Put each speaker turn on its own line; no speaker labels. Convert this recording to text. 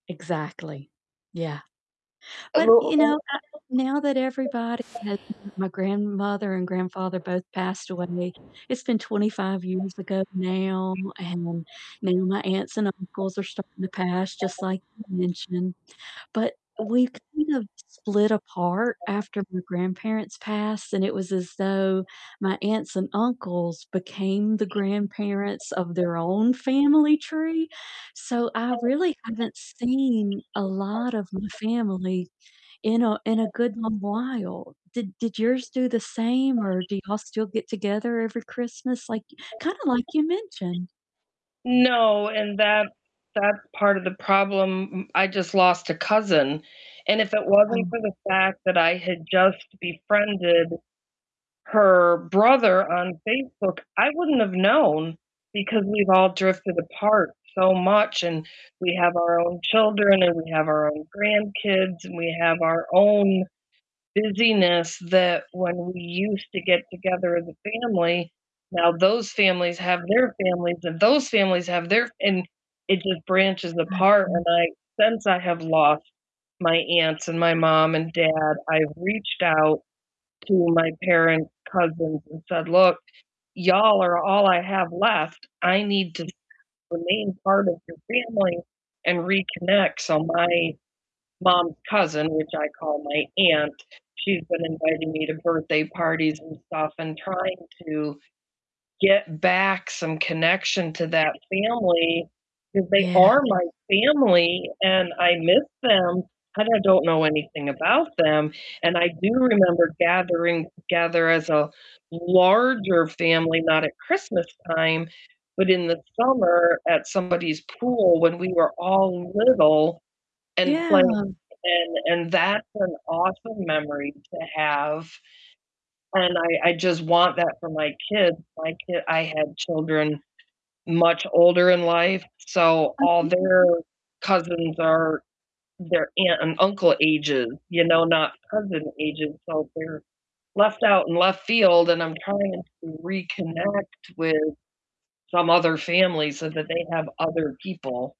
Exactly. Yeah. But, you know, uh, now that everybody
[unintelligible]
has My grandmother and grandfather both passed away, it's been 25 years ago now, and now my aunts and uncles are starting to pass, just like you mentioned. But we kind of split apart after my grandparents passed, and it was as though my aunts and uncles became the grandparents of their own family tree, so I really haven't seen a lot of my family in a in a good long while. Did did yours do the same or do y'all still get together every Christmas? Like, kinda like you mentioned.
No, and that that's part of the problem. M I just lost a cousin, and if it wasn't
Oh.
for the fact that I had just befriended her brother on Facebook, I wouldn't have known, because we've all drifted apart so much, and we have our own children, and we have our own grandkids, and we have our own busyness that when we used to get together as a family, now those families have their families, and those families have their and it just branches apart, and
Awesome.
I since I have lost my aunts and my mom and dad, I've reached out to my parents' cousins and said, "Look, y'all are all I have left. I need to
Yeah.
remain part of your family and reconnect." So, my mom's cousin, which I call my aunt, she's been inviting me to birthday parties and stuff and trying to get back some connection to that family, 'cause they
Yeah.
are my family, and I miss them, and I don't know anything about them. And I do remember gathering together as a larger family, not at Christmastime, but in the summer at somebody's pool when we were all little and
Yeah.
playing. And and that's an awesome memory to have, and I I just want that for my kids. My ki I had children much older in life, so all
Okay.
their cousins are their aunt and uncle ages, you know, not cousin ages, so they're left out in left field, and I'm trying to reconnect with some other family so that they have other people.